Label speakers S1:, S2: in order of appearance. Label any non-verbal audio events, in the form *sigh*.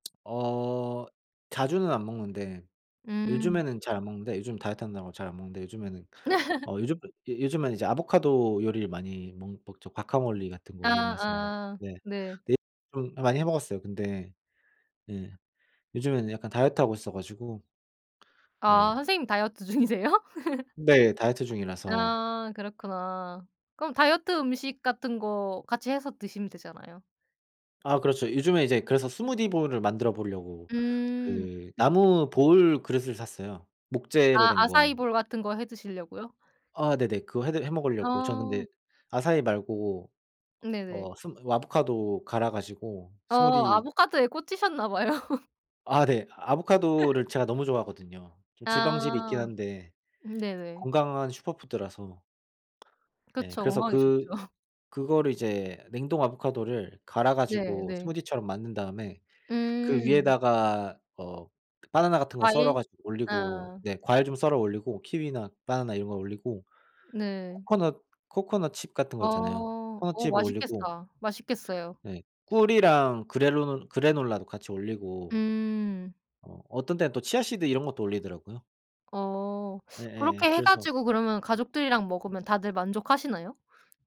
S1: 어. 자주는 안 먹는데
S2: 음.
S1: 요즘에는 잘 안 먹는데 요즘 다이어트 한다고 잘 안 먹는데 요즘에는
S2: *laughs*
S1: 어 요즘 요즘엔 이제 아보카도 요리를 많이 멍 먹죠. 과카몰리 같은 거 이용해서
S2: 아아
S1: 네.
S2: 네.
S1: 랩을 많이 해 먹었어요. 근데 네 요즘에는 약간 다이어트 하고 있어 가지고
S2: 아.
S1: 네.
S2: 선생님 다이어트 중이세요? *laughs*
S1: 네. 다이어트 중이라서.
S2: 아. 그렇구나. 그럼 다이어트 음식 같은 거 같이 해서 드시면 되잖아요.
S1: 아 그렇죠. 요즘에 이제 그래서 스무디 볼을 만들어 보려고
S2: 음.
S1: 그 나무 볼 그릇을 샀어요 목재로
S2: 아.
S1: 된 거.
S2: 아사이볼 같은 거 해 드시려고요?
S1: 아 네네. 그거 해드 해먹으려고 전 근데
S2: 어.
S1: 아사이 말고
S2: 네네.
S1: 어 스무 아보카도 갈아 가지고
S2: 어.
S1: 스무디
S2: 아보카도에 꽂히셨나 봐요. *laughs*
S1: 아 네. 아보카도를
S2: *laughs*
S1: 제가 너무 좋아하거든요. 좀 지방질이 있긴
S2: 아.
S1: 한데
S2: 네네.
S1: 건강한 슈퍼푸드라서 네.
S2: 그쵸.
S1: 그래서
S2: 건강에
S1: 그
S2: 좋죠. *laughs*
S1: 그거를 이제 냉동 아보카도를 갈아
S2: 네.
S1: 가지고
S2: 네.
S1: 스무디처럼 만든 다음에 그
S2: 음.
S1: 위에다가 어 바나나 같은 거 썰어
S2: 과일?
S1: 가지고 올리고
S2: 아.
S1: 네 과일 좀 썰어 올리고 키위나 바나나 이런 거 올리고
S2: 네.
S1: 코코넛, 코코넛 칩 같은 거 있잖아요.
S2: 어.
S1: 코코넛
S2: 오
S1: 칩을 올리고
S2: 맛있겠다. 맛있겠어요.
S1: 네. 꿀이랑 그래론 그래놀라도 같이 올리고
S2: 음.
S1: 어. 어떤 데는 또 치아씨드 이런 것도 올리더라구요.
S2: 어
S1: 네예.
S2: 그렇게 해
S1: 그래서
S2: 가지고 그러면 가족들이랑 먹으면 다들 만족하시나요?